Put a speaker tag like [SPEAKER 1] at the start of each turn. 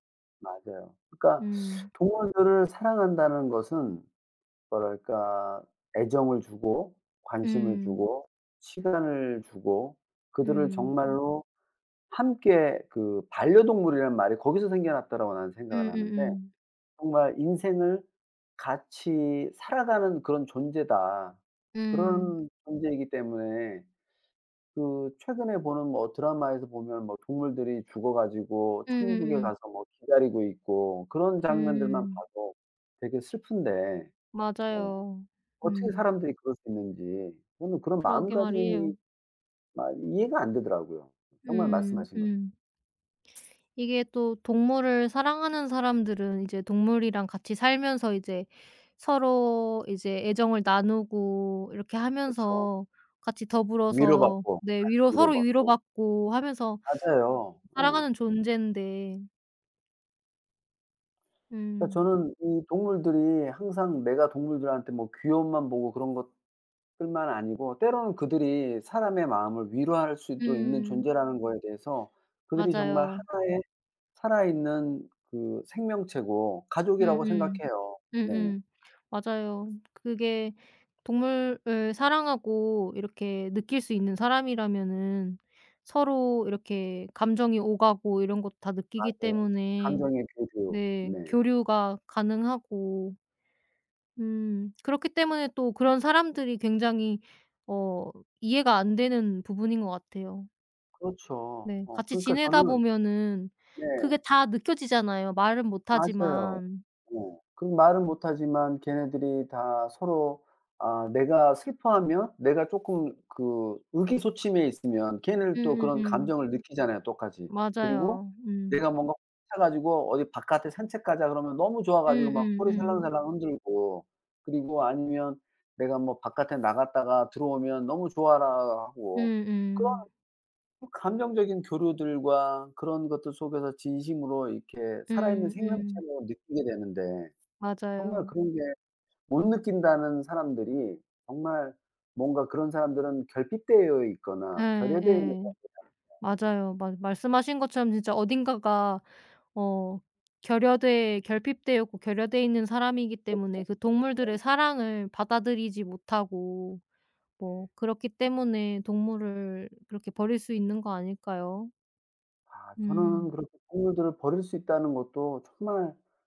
[SPEAKER 1] 맞아요. 그러니까
[SPEAKER 2] 음.
[SPEAKER 1] 동물들을 사랑한다는 것은 뭐랄까 애정을 주고 관심을
[SPEAKER 2] 음.
[SPEAKER 1] 주고 시간을 주고 그들을
[SPEAKER 2] 음.
[SPEAKER 1] 정말로 함께 '그 반려동물이란 말이 거기서 생겨났다.'라고 나는 생각을 하는데
[SPEAKER 2] 음음음.
[SPEAKER 1] 정말 인생을 같이 살아가는 그런 존재다.
[SPEAKER 2] 음.
[SPEAKER 1] 그런 존재이기 때문에 그 최근에 보는 뭐 드라마에서 보면 뭐 동물들이 죽어 가지고 천국에
[SPEAKER 2] 음음음.
[SPEAKER 1] 가서 뭐 기다리고 있고 그런 장면들만
[SPEAKER 2] 음.
[SPEAKER 1] 봐도 되게 슬픈데 어
[SPEAKER 2] 맞아요.
[SPEAKER 1] 어떻게
[SPEAKER 2] 음.
[SPEAKER 1] 사람들이 그럴 수 있는지 저는 그런
[SPEAKER 2] 그러게 말이에요.
[SPEAKER 1] 마음가짐이 마 이해가 안 되더라고요. 정말
[SPEAKER 2] 음.
[SPEAKER 1] 말씀하신 것
[SPEAKER 2] 음. 이게 또 동물을 사랑하는 사람들은 이제 동물이랑 같이 살면서 이제 서로 이제 애정을 나누고 이렇게
[SPEAKER 1] 그쵸.
[SPEAKER 2] 하면서 같이 더불어서
[SPEAKER 1] 위로받고
[SPEAKER 2] 네
[SPEAKER 1] 같이
[SPEAKER 2] 위로 서로
[SPEAKER 1] 위로받고.
[SPEAKER 2] 위로받고 하면서
[SPEAKER 1] 맞아요. 예.
[SPEAKER 2] 살아가는 존재인데
[SPEAKER 1] 그러니까
[SPEAKER 2] 음.
[SPEAKER 1] 저는 이 동물들이 항상 내가 동물들한테 뭐 귀여움만 보고 그런 것들만 아니고 때로는 그들이 사람의 마음을 위로할 수도 있는
[SPEAKER 2] 음.
[SPEAKER 1] 존재라는 거에 대해서 그들이 정말
[SPEAKER 2] 맞아요.
[SPEAKER 1] 하나의 살아있는 그 생명체고 가족이라고
[SPEAKER 2] 음음.
[SPEAKER 1] 생각해요. 네.
[SPEAKER 2] 음음. 맞아요. 그게 동물을 사랑하고 이렇게 느낄 수 있는 사람이라면은 서로 이렇게 감정이 오가고 이런 것 다 느끼기
[SPEAKER 1] 맞아요.
[SPEAKER 2] 때문에
[SPEAKER 1] 감정의 교류.
[SPEAKER 2] 네
[SPEAKER 1] 네.
[SPEAKER 2] 교류가 가능하고 음 그렇기 때문에 또 그런 사람들이 굉장히 어 이해가 안 되는 부분인 것 같아요.
[SPEAKER 1] 그렇죠.
[SPEAKER 2] 네.
[SPEAKER 1] 어
[SPEAKER 2] 같이
[SPEAKER 1] 그러니까
[SPEAKER 2] 지내다
[SPEAKER 1] 저는
[SPEAKER 2] 보면은
[SPEAKER 1] 네.
[SPEAKER 2] 그게 다 느껴지잖아요, 말은 못
[SPEAKER 1] 맞아요.
[SPEAKER 2] 하지만.
[SPEAKER 1] 네. 그 말은 못하지만 걔네들이 다 서로 아 내가 슬퍼하면 내가 쪼끔 그 의기소침해 있으면 걔는 또 그런
[SPEAKER 2] 음음음.
[SPEAKER 1] 감정을 느끼잖아요 똑같이. 그리고
[SPEAKER 2] 맞아요. 음.
[SPEAKER 1] 내가 뭔가 [unintelligible] 차 가지고 "어디 바깥에 산책 가자." 그러면 너무 좋아
[SPEAKER 2] 음
[SPEAKER 1] 가지고 막
[SPEAKER 2] 음
[SPEAKER 1] 꼬리
[SPEAKER 2] 음.
[SPEAKER 1] 살랑살랑 흔들고 그리고 아니면 내가 뭐 바깥에 나갔다가 들어오면 너무 좋아라 하고 그런
[SPEAKER 2] 음음.
[SPEAKER 1] 그 감정적인 교류들과 그런 것들 속에서 진심으로 이렇게 살아있는
[SPEAKER 2] 음. 음.
[SPEAKER 1] 생명체로 느끼게 되는데 정말
[SPEAKER 2] 맞아요.
[SPEAKER 1] 그런 게 못 느낀다는 사람들이 정말 뭔가 그런 사람들은 결핍되어
[SPEAKER 2] 예.
[SPEAKER 1] 있거나 결여되어 있는 사람들
[SPEAKER 2] 예.
[SPEAKER 1] 같아요.
[SPEAKER 2] 맞아요. 말 말씀하신 것처럼 진짜 어딘가가 어 결여돼 결핍되어 있고 결여되어 있는 사람이기
[SPEAKER 1] 그렇죠.
[SPEAKER 2] 때문에 그 동물들의
[SPEAKER 1] 네.
[SPEAKER 2] 사랑을 받아들이지 못하고
[SPEAKER 1] 네.
[SPEAKER 2] 뭐 그렇기 때문에 동물을 그렇게 버릴 수 있는 거 아닐까요?
[SPEAKER 1] 아. 저는
[SPEAKER 2] 음.
[SPEAKER 1] 그렇게 동물들을 버릴 수 있다는 것도 정말